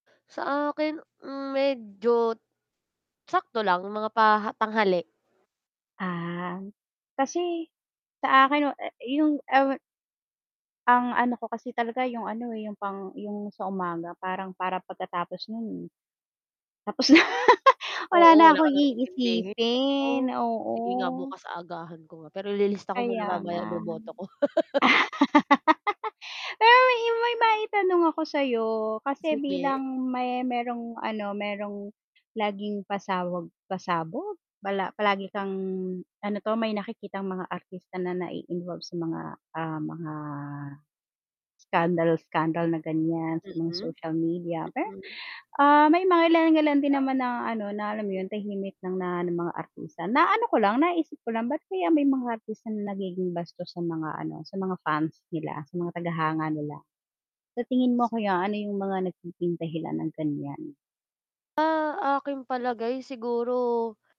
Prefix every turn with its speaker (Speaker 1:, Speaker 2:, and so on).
Speaker 1: Sa akin hmm, medyo sakto lang mga paha tanghali.
Speaker 2: Ah, kasi sa akin wa e i yung ewe Ang ano ko kasi talaga yung ano eh, yung pang yung sa umaga parang para pagkatapos nun, tapos na
Speaker 1: Oo
Speaker 2: wala na
Speaker 1: wala
Speaker 2: kong
Speaker 1: ka nang intindihin,
Speaker 2: iisipin,
Speaker 1: oh sige nga
Speaker 2: oo.
Speaker 1: bukas aagahan ko nga, pero ililista ko muna
Speaker 2: Kaya
Speaker 1: mamaya
Speaker 2: nga.
Speaker 1: boboto ko.
Speaker 2: Pero may maima maitanong ako sayo kasi
Speaker 1: Sige.
Speaker 2: bilang may me merong ano merong laging pasawag pasabog pala palagi kang ano to may nakikitang mga artista na nai-involve sa mga, ah, mga scandal-scandal na ganyan sa mga
Speaker 1: Mhm,
Speaker 2: social media pe
Speaker 1: mm.
Speaker 2: ah, may mga mangilan-ngilan din naman na ano na alam mo yun tahimik ng na ng mga artista, naano ko lang naisip ko lang ba't kaya may mga artista na nagiging bastos sa mga ano sa mga fans nila, sa mga taga-hanga nila. Sa tingin mo kaya ano yung mga nagiging dahilan ng ganyan?
Speaker 1: Ah, aking palagay, siguro